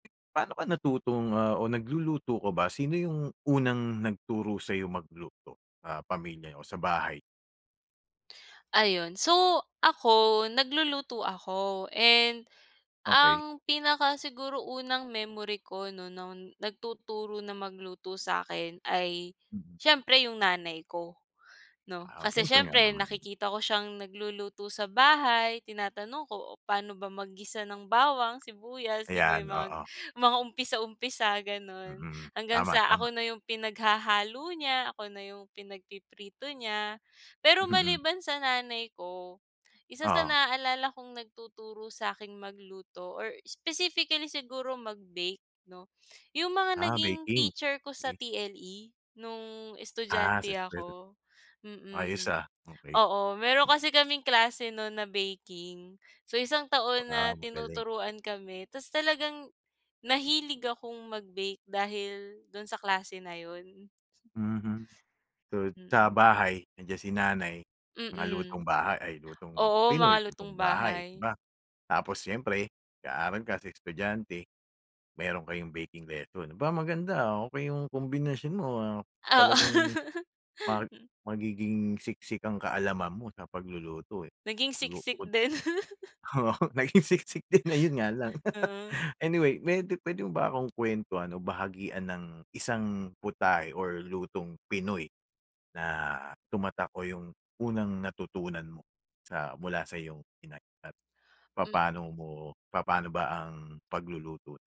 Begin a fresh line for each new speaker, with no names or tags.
Paano ka natutong ah o nagluluto ka ba? Sino yung unang nagturo sa'yo magluto, ah, pamilya o sa bahay?
Ayun. So, ako nagluluto ako. And
Okey.
ang pinaka siguro unang memory ko 'no no'n nagtuturo na magluto sa'kin ay
Mm.
siyempre yung nanay ko, 'no?
Aw,
Kasi,
syempre nga
siyempre
naman.
nakikita ko siyang nagluluto sa bahay, tinatanong ko, "Oh, paano ba mag-gisa ng bawang, sibuyas?" 'Di ba.
Ayan
Yung mga
oo.
mga umpisa umpisa, gano'n.
Mhm.
Hanggang
Tama.
sa ako
Tama.
na yung pinaghahalo niya, ako na yung pinagpiprito niya. Pero
Mhm.
maliban sa nanay ko, isa sa
Oo.
naaalala kong nagtuturo sa'king magluto, or specifically siguro magbake 'no? Yung mga
Ah,
naging
baking.
teacher ko sa
Cake.
TLE nung
Ah, sa
estudyante
[unintelligible]
ako.
Ayos
Mm.
ah, okey.
Oo, meron kasi kaming klase nun na baking. So, isang taon
Ah,
na
magaling.
tinuturuan kami. Ta' s, talagang nahilig akong magbake dahil dun sa klase na yun.
Mhm tot sa
Mm.
bahay nandiyan si nanay. Mga lutong
Mm.
bahay ay lutong
Oo, mga
pinoy,
lutong
lutong bahay, 'di
bahay.
ba? Tapos siyempre, nag-aaral kasi estudyante, meron kayong baking lesson. 'Ba maganda, ah, okey yung kombinasyon mo, ah. Talagang mag
Oo.
magiging siksik ang kaalaman mo sa pagluluto, eh.
Naging
Luto
siksik
ko din
din.
oo, naging siksik din, 'yon nga lang.
Mm.
Anyway, pwede pwede mo ba akong kwentuhan o bahagian ng isang putahe or lutong Pinoy na tumatak o yung unang natutunan mo sa mula sa iyong Inay. At
Hmm.
papano mo papaano ba ang pagluluto?